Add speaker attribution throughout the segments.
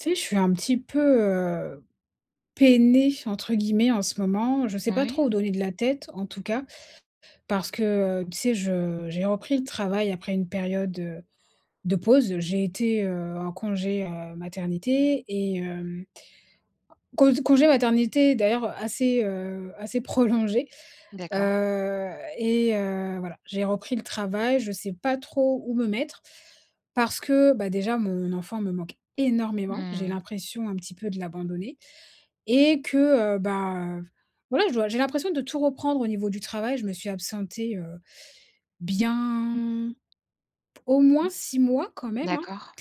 Speaker 1: Tu sais, je suis un petit peu, heu, «peinée» entre guillemets en ce moment. Je sais pas
Speaker 2: Oui.
Speaker 1: trop où donner de la tête en tout cas. Parce que, heu, tu sais, je j'ai repris le travail après une période, heu, de pause. J'ai été, heu, en congé, heu, maternité et hem cause congé maternité d'ailleurs assez, heu, assez prolongé,
Speaker 2: D'accord.
Speaker 1: heu et heu, voilà, j'ai repris le travail, je sais pas trop où me mettre parce que, bah, déjà mon enfant me manque énormément. J'ai
Speaker 2: Mmh.
Speaker 1: l'impression un petit peu de l'abandonner et que, heu, bah, v voilà, je dois, j'ai l'impression de tout reprendre au niveau du travail, je me suis absentée, heu, bien, au
Speaker 2: Mmh.
Speaker 1: moins 6 mois quand même, hein.
Speaker 2: D'accord.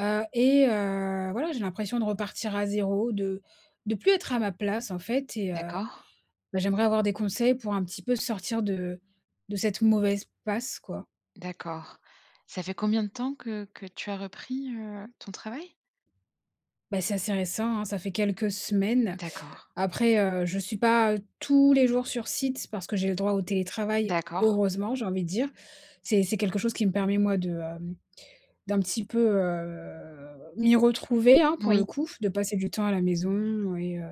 Speaker 1: Heu et heu, voilà, j'ai l'impression de repartir à 0, de de plus être à ma place en fait et heu,
Speaker 2: D'accord.
Speaker 1: beh, j'aimerais avoir des conseils pour un petit peu sortir de de cette mauvaise passe quoi
Speaker 2: D'accord. Ça fait combien de temps que que tu as repris, heu, ton travail?
Speaker 1: Bah, c'est assez récent, hein, ça fait quelques semaines.
Speaker 2: D'accord.
Speaker 1: Après, heu, je suis pas, heu, tous les jours sur site, parce que j'ai le droit au télétravail,
Speaker 2: D'accord.
Speaker 1: heureusement, j'ai envie de dire. C'est c'est quelque chose qui me permet moi de, hem, d'un petit peu, heu, m'y retrouver, hein,
Speaker 2: N
Speaker 1: pour le
Speaker 2: oui.
Speaker 1: coup. De passer du temps à la maison et heu,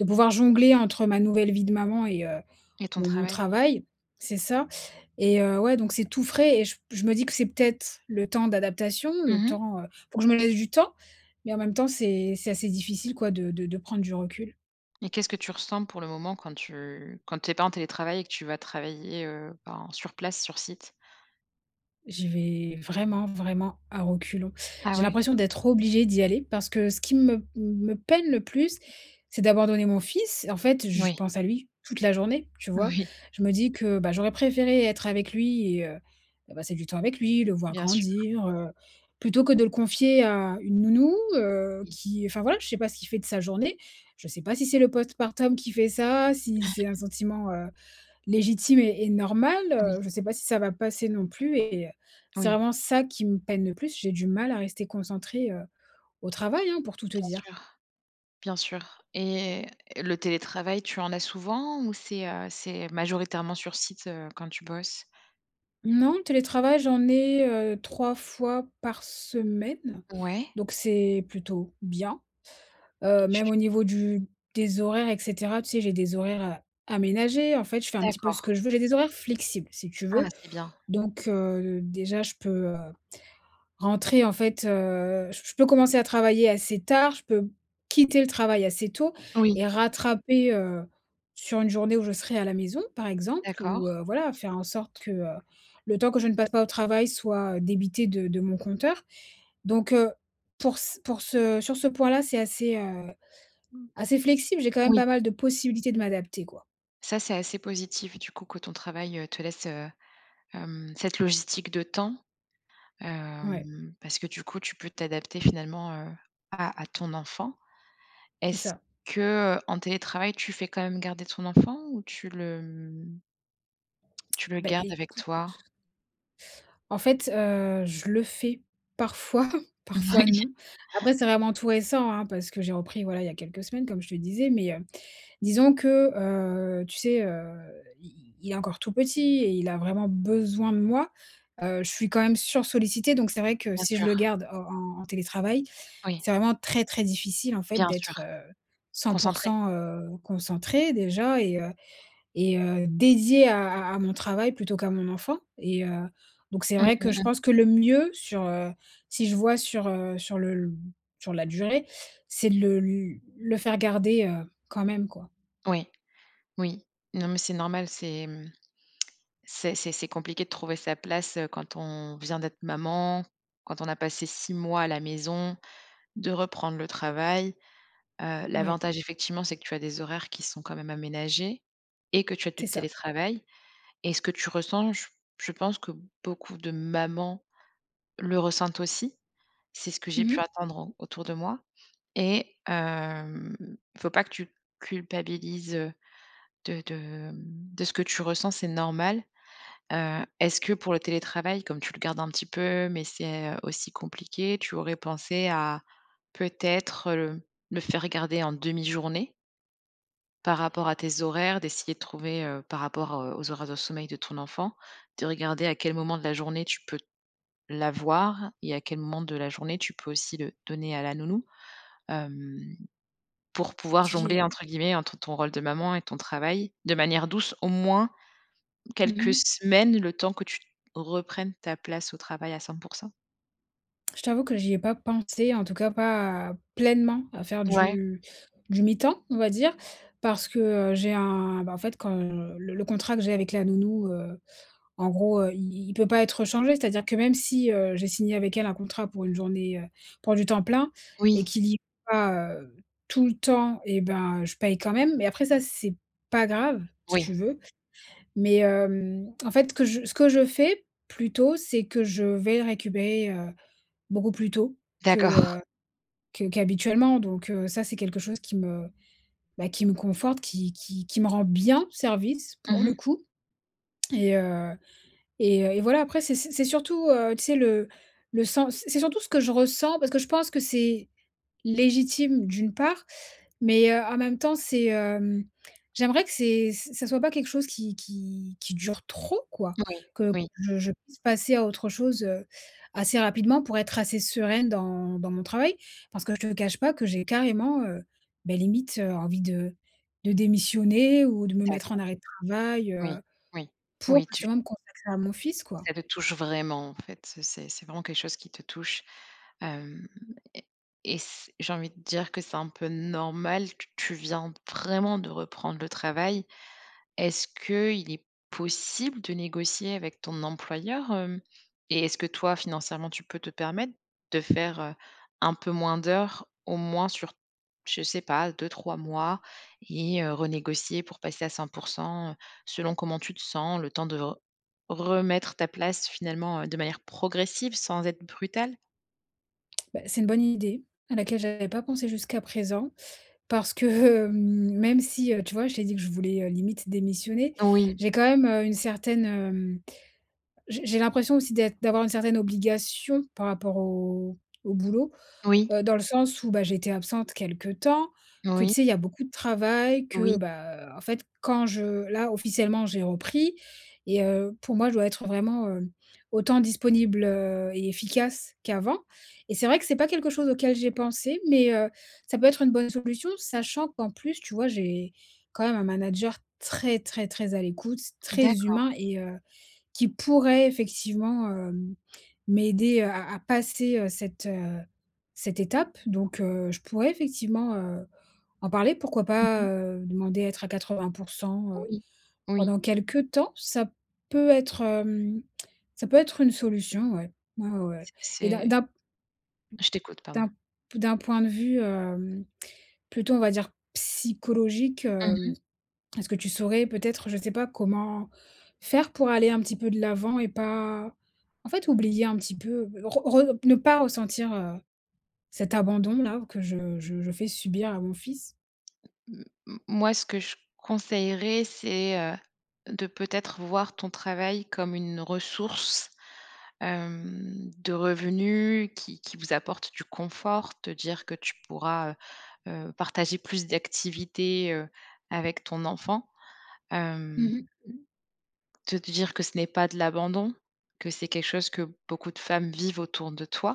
Speaker 1: de pouvoir jongler entre ma nouvelle vie de maman et heu,
Speaker 2: Et ton
Speaker 1: mon mon
Speaker 2: travail?
Speaker 1: travail. C'est ça et heu, ouais donc c'est tout frais et j p je me dis que c'est peut-être le temps d'adaptation,
Speaker 2: Mmh
Speaker 1: le
Speaker 2: mh.
Speaker 1: temps, heu, faut que je me laisse du temps. Mais en même temps, c'est c'est assez difficile quoi de de de prendre du recul.
Speaker 2: Et qu'est-ce que tu ressens pour le moment quand tu quand tu es pas en télétravail et que tu vas travailler, heu, en sur place, sur site?
Speaker 1: J'y vais vraiment, vraiment à reculons.
Speaker 2: Ah
Speaker 1: J'ai
Speaker 2: ouais?
Speaker 1: l'impression d'être obligée d'y aller parce que ce qui me m me peine le plus, c'est d'abandonner mon fils. En fait, je
Speaker 2: Moui.
Speaker 1: pense à lui toute la journée, tu vois?
Speaker 2: Oui.
Speaker 1: Je me dis que, bah, j'aurais préféré être avec lui et heu, heu, passer du temps avec lui, le voir
Speaker 2: Bien sûr.
Speaker 1: grandir, heu, plutôt que de le confier à une nounou, heu,
Speaker 2: Oui.
Speaker 1: qui enfin voilà, je sais pas ce qu'il fait de sa journée. Je sais pas si c'est le post partum qui fait ça, si c'est un sentiment, heu, légitime et et normal,
Speaker 2: Oui.
Speaker 1: heu, je sais pas si ça va passer non plus et heu, c'est
Speaker 2: Oui.
Speaker 1: vraiment ça qui me peine le plus, j'ai du mal à rester concentrée, heu, au travail, hein, pour tout te
Speaker 2: Bien
Speaker 1: dire.
Speaker 2: sûr. Bien sûr et le télétravail, tu en as souvent ou c'est, heu, c'est majoritairement sur site, heu, quand tu bosses?
Speaker 1: Non, télétravail, j'en ai, heu, 3 fois par semaine.
Speaker 2: Ouais.
Speaker 1: Donc c'est plutôt bien.
Speaker 2: Et
Speaker 1: Heu,
Speaker 2: tu
Speaker 1: même au niveau du des horaires et cetera, tu sais, j'ai des horaires, heu, aménagés. En fait, je fais un petit peu
Speaker 2: D'accord.
Speaker 1: ce que je veux. J'ai des horaires flexibles, si tu
Speaker 2: Ah,
Speaker 1: veux.
Speaker 2: c'est bien.
Speaker 1: Donc, heu, d déjà je peux, heu, rentrer en fait, heu, j p je peux commencer à travailler assez tard, je peux quitter le travail assez tôt
Speaker 2: Oui.
Speaker 1: et rattraper, heu, sur une journée où je serai à la maison par exemple
Speaker 2: D'accord.
Speaker 1: ou, heu, voilà, faire en sorte que, heu, le temps que je ne passe pas au travail soit débité de de mon compteur. Donc, heu, pour c pour ce sur ce point là, c'est assez, heu,
Speaker 2: Mmh.
Speaker 1: assez flexible, j'ai quand même
Speaker 2: Oui.
Speaker 1: pas mal de possibilités de m'adapter, quoi.
Speaker 2: Ça c'est assez positif du coup que ton travail, heu, te laisse, heu, hem, cette logistique de temps.
Speaker 1: Ouais.
Speaker 2: Hem, parce que du coup tu peux t'adapter finalement, heu, à à ton enfant.
Speaker 1: C'est
Speaker 2: Est-ce
Speaker 1: ça.
Speaker 2: que, heu, en télétravail, tu fais quand même garder ton enfant ou tu le, mmh tu le
Speaker 1: Beh,
Speaker 2: gardes avec
Speaker 1: écoute
Speaker 2: toi?
Speaker 1: en fait, heu, je le fais parfois, parfois
Speaker 2: Moui.
Speaker 1: non. Après, c'est vraiment tout récent, hein, parce que j'ai repris, voilà, il y a quelques semaines comme je te disais, mais, heu, disons que heu, tu sais heu, i i il est encore tout petit et il a vraiment besoin de moi. Heu, je suis quand même sursollicitée donc c'est vrai que
Speaker 2: Bien
Speaker 1: si je
Speaker 2: sûr.
Speaker 1: le garde en en en télétravail,
Speaker 2: Oui.
Speaker 1: c'est vraiment très, très difficile en fait
Speaker 2: Bien sûr.
Speaker 1: d'être, heu, cent pour
Speaker 2: Concentrée.
Speaker 1: cent, heu, concentrée déjà et heu et heu, dédiée à à à mon travail plutôt qu'à mon enfant et heu, donc c'est
Speaker 2: Mmh
Speaker 1: vrai que je
Speaker 2: mh mh.
Speaker 1: pense que le mieux sur, heu, si je vois sur, heu, sur le l sur la durée, c'est de le l le faire garder, heu, quand même quoi.
Speaker 2: Oui, oui. Non, mais c'est normal, c'est mmh, c'est c'est c'est compliqué de trouver sa place, heu, quand on vient d'être maman, quand on a passé 6 mois à la maison, de reprendre le travail. Heu,
Speaker 1: Ouais.
Speaker 2: l'avantage effectivement, c'est que tu as des horaires qui sont quand même aménagés et que tu as du
Speaker 1: C'est ça.
Speaker 2: télétravail et ce que tu ressens, je p je pense que beaucoup de mamans, le ressentent aussi. C'est ce que j'ai
Speaker 1: Mmh
Speaker 2: pu
Speaker 1: mh.
Speaker 2: attendre en autour de moi et hem, faut pas que tu culpabilises, heu, de de, mmh, de ce que tu ressens, c'est normal. Heu, est-ce que pour le télétravail, comme tu le gardes un petit peu, mais c'est, heu, aussi compliqué, tu aurais pensé à, peut-être, le le faire garder en demi-journée? Par rapport à tes horaires, d'essayer de trouver, heu, par rapport, heu, aux horaires de sommeil de ton enfant, de regarder à quel moment de la journée tu peux l'avoir et à quel moment de la journée, tu peux aussi le donner à la nounou, hem, pour pouvoir
Speaker 1: J
Speaker 2: «jongler»,
Speaker 1: j'y
Speaker 2: entre guillemets, entre ton rôle de maman et ton travail, de manière douce, au moins
Speaker 1: Mmh
Speaker 2: quelques
Speaker 1: mh.
Speaker 2: semaines, le temps que tu reprennes ta place au travail à 100 %.
Speaker 1: Je t'avoue que j'y ai pas pensé, en tout cas, pas pleinement, à faire
Speaker 2: Ouais.
Speaker 1: du du mi-temps, on va dire, parce que, heu, j'ai un, bah, en fait, quand, heu, le le contrat que j'ai avec la nounou, heu, en gros, heu, i i il peut pas être changé. C'est-à-dire que, même si, heu, j'ai signé avec elle un contrat pour une journée, heu, pour du temps plein et
Speaker 2: Oui.
Speaker 1: qu'il y ait pas, heu, tout le temps et ben, je paye quand même. Mais après ça, c'est pas grave, si
Speaker 2: Oui.
Speaker 1: tu veux. Mais hem, en fait, que je ce que je fais, plutôt, c'est que je vais le récupérer, heu, beaucoup plus tôt que,
Speaker 2: D'accord.
Speaker 1: heu, que qu'habituellement. Donc heu, ça, c'est quelque chose qui me, bah, qui me conforte, qui qui qui me rend bien service,
Speaker 2: Mmh
Speaker 1: pour le
Speaker 2: mh.
Speaker 1: coup et heu et heu et voilà. Après, c'est c'est c'est surtout, heu, tu sais, le le sens, c c'est surtout ce que je ressens, parce que je pense que c'est légitime d'une part, mais, heu, en même temps, c'est, hem, j'aimerais que c'est ç ça soit pas quelque chose qui qui qui dure trop, quoi.
Speaker 2: Moui,
Speaker 1: Que
Speaker 2: oui.
Speaker 1: je je puisse passer à autre chose, heu, assez rapidement pour être assez sereine dans dans mon travail, parce que je te cache pas que j'ai carrément, heu, beh, limite, heu, envie de de démissionner ou de me mettre en
Speaker 2: D'accord.
Speaker 1: arrêt de travail,
Speaker 2: Oui,
Speaker 1: heu,
Speaker 2: oui.
Speaker 1: pour
Speaker 2: Oui, tu
Speaker 1: justement me consacrer à mon fils, quoi.
Speaker 2: Ça te touche, vraiment, en fait, heu, c'est c'est vraiment quelque chose qui te touche, hem et et c j'ai envie de dire que c'est un peu normal, que tu viens d vraiment de reprendre le travail. Est-ce qu'il est possible de négocier avec ton employeur, hem et est-ce que toi financièrement, tu peux te permettre de faire, heu, un peu moins d'heures, au moins sur, je sais pas, 2-3 mois et heu, renégocier pour passer à 100 %, heu, selon comment tu te sens, le temps de r remettre ta place, finalement, heu, de manière progressive, sans être brutale?
Speaker 1: Bah, c'est une bonne idée, à laquelle j'avais pas pensé jusqu'à présent. Parce que même si, heu, tu vois, je t'ai dit que je voulais, heu, limite démissionner,
Speaker 2: Oui.
Speaker 1: j'ai quand même, heu, une certaine, hem, j'ai j'ai l'impression aussi d'être d'avoir une certaine obligation par rapport au au boulot.
Speaker 2: Oui.
Speaker 1: Heu, dans le sens où, bah, j'étais absente quelque temps,
Speaker 2: N
Speaker 1: que
Speaker 2: oui.
Speaker 1: tu sais, il y a beaucoup de travail que,
Speaker 2: Oui.
Speaker 1: bah, heu, en fait, quand je là officiellement, j'ai repris et heu, pour moi, je dois être vraiment, heu, autant disponible, heu et efficace qu'avant et c'est vrai que c'est pas quelque chose auquel j'ai pensé, mais, heu, ça peut être une bonne solution sachant qu'en plus tu vois, j'ai quand même un manager très très très à l'écoute, très
Speaker 2: D'accord.
Speaker 1: humain et heu, qui pourrait effectivement, hem, m'aider, heu, à à passer, heu, cette, heu, cette étape. Donc, heu, je pourrais effectivement, heu, en parler, pourquoi
Speaker 2: Mmh
Speaker 1: pas,
Speaker 2: mh.
Speaker 1: heu, demander à être à 80 %, heu,
Speaker 2: Oui, oui.
Speaker 1: pendant quelque temps, ça peut être, hem, ça peut être une solution ouais. Ouais, ouais, ouais
Speaker 2: C
Speaker 1: et d'un
Speaker 2: c'est
Speaker 1: d'un p m
Speaker 2: Je t'écoute, pardon.
Speaker 1: d'un p d'un point de vue, hem, plutôt on va dire psychologique,
Speaker 2: Mmh
Speaker 1: hem,
Speaker 2: mh.
Speaker 1: est-ce que tu saurais peut-être, je sais pas comment faire pour aller un petit peu de l'avant et pas en fait oublier un petit peu, re re p ne pas ressentir, heu, cet abandon là que je je je fais subir à mon fils?
Speaker 2: M m moi ce que je conseillerais c'est, heu, de, peut-être, voir ton travail comme une ressource, hem, de revenu qui qui vous apporte du confort, te dire que tu pourras, heu heu, partager plus d'activités, heu, avec ton enfant.
Speaker 1: Mmh
Speaker 2: Hem,
Speaker 1: mh.
Speaker 2: te dire que ce n'est pas de l'abandon, que c'est quelque chose que beaucoup de femmes vivent autour de toi.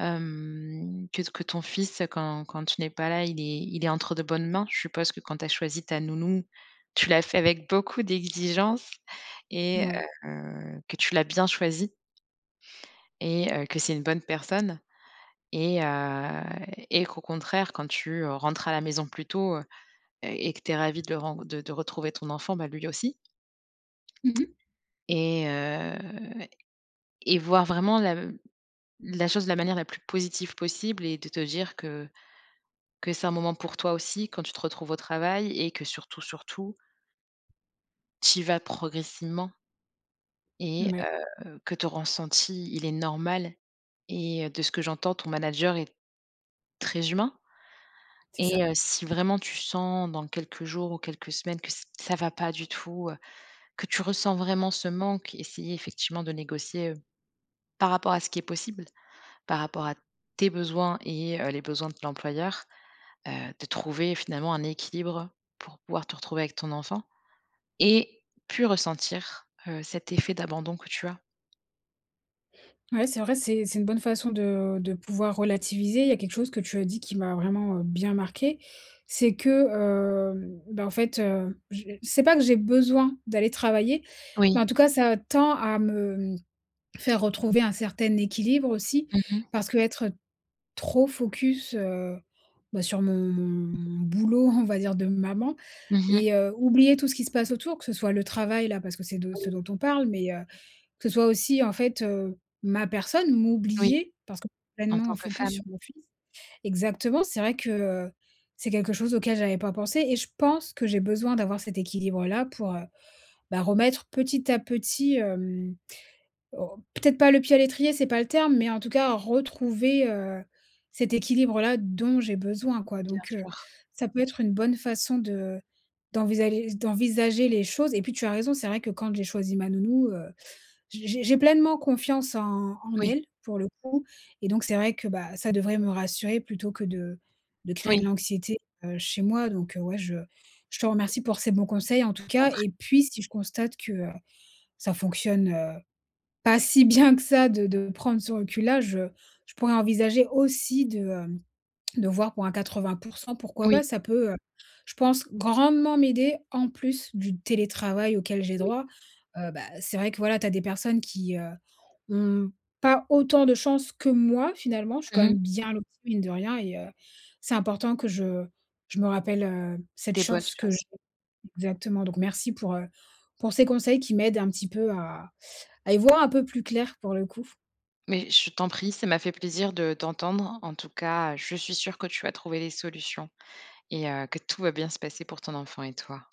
Speaker 2: Hem, que t que ton fils, heu, quand quand tu n'es pas là, il est il est entre de bonnes mains. Je suppose que quand tu as choisi ta nounou, tu l'as fait avec beaucoup d'exigence et
Speaker 1: Mouais.
Speaker 2: heu, que tu l'as bien choisie et heu, que c'est une bonne personne et heu et qu'au contraire quand tu, heu, rentres à la maison plus tôt, heu heu, et que tu es ravie de ren de de retrouver ton enfant, bah, lui aussi
Speaker 1: Mmh mh.
Speaker 2: et heu et voir vraiment lav la chose de la manière la plus positive possible et de te dire que que c'est un moment pour toi aussi, quand tu te retrouves au travail et que surtout, surtout Tu y vas progressivement et
Speaker 1: Mouais.
Speaker 2: heu, que ton ressenti, il est normal et heu, de ce que j'entends ton manager est très humain
Speaker 1: C'est
Speaker 2: et
Speaker 1: ça.
Speaker 2: heu, si vraiment tu sens dans quelques jours ou quelques semaines que ç ça va pas du tout, heu, que tu ressens vraiment ce manque, essayer effectivement de négocier, heu, par rapport à ce qui est possible, par rapport à tes besoins et heu, les besoins de ton employeur, heu, de trouver finalement un équilibre, pour pouvoir te retrouver avec ton enfant et plus ressentir, heu, cet effet d'abandon que tu as.
Speaker 1: Ouais, c'est vrai c'est c'est une bonne façon de de pouvoir relativiser. Il y a quelque chose que tu as dit qui m'a vraiment, heu, bien marquée, c'est que, hem, ben, en fait, heu, je heu, c'est pas que j'ai besoin d'aller travailler mais en
Speaker 2: Oui.
Speaker 1: tout cas, ça tend à me, mmh, faire retrouver un certain équilibre aussi,
Speaker 2: Mmh mh.
Speaker 1: parce que être, heu, trop focus, heu, bah sur mon mon mon boulot, on va dire, de maman
Speaker 2: Mmh mh.
Speaker 1: et heu, oublier tout ce qui se passe autour que ce soit le travail-là parce que c'est de ce
Speaker 2: Oui.
Speaker 1: dont on parle mais heu, que ce soit aussi en fait, heu, ma personne,
Speaker 2: Oui,
Speaker 1: m'oublier, parce que
Speaker 2: en tant
Speaker 1: pleinement
Speaker 2: que
Speaker 1: focus sur
Speaker 2: femme.
Speaker 1: mon fils. Exactement, c'est vrai que, heu, c'est quelque chose auquel j'avais pas pensé et je pense que j'ai besoin d'avoir cet équilibre-là pour, heu, ben remettre petit à petit, hem, au peut-être pas le pied à l'étrier, c'est pas le terme mais en tout cas retrouver, heu, cet équilibre-là, dont j'ai besoin, quoi,
Speaker 2: Bien
Speaker 1: donc, heu,
Speaker 2: sûr.
Speaker 1: ça peut être une bonne façon de d'envisager d'envisager les choses et puis, tu as raison, c'est vrai que quand j'ai choisi ma nounou, heu, j'ai j'ai j'ai pleinement confiance en en
Speaker 2: Oui.
Speaker 1: elle, pour le coup et donc c'est vrai que, bah ça devrait me rassurer plutôt que de de créer de
Speaker 2: Moui.
Speaker 1: l'anxiété, heu, chez moi donc, heu, ouais, je je te remercie pour ces bons conseils en tout
Speaker 2: Je t'en
Speaker 1: cas
Speaker 2: prie.
Speaker 1: et puis, si je constate que, heu, ça fonctionne, heu, pas si bien que ça de de prendre ce recul-là, je je pourrais envisager aussi de, hem, de voir pour un 80 %, pourquoi
Speaker 2: Oui.
Speaker 1: pas? Ça peut, heu, je pense, grandement m'aider, en plus, du télétravail auquel j'ai
Speaker 2: Oui.
Speaker 1: droit, heu, bah c'est vrai que, voilà, tu as des personnes qui, heu, ont pas autant de chance que moi finalement, je suis quand
Speaker 2: Mmh
Speaker 1: même
Speaker 2: mh.
Speaker 1: bien lotie, mine de rien et heu, c'est important que je je me rappelle, heu, cette
Speaker 2: Des bonnes
Speaker 1: chance que
Speaker 2: choses.
Speaker 1: j'ai. Exactement, donc merci pour, heu, pour ces conseils qui m'aident un petit peu à à y voir un peu plus clair, pour le coup.
Speaker 2: Mais je t'en prie, ça m'a fait plaisir de d'entendre, en tout cas, je suis sûre que tu vas trouver des solutions et heu, que tout va bien se passer pour ton enfant et toi.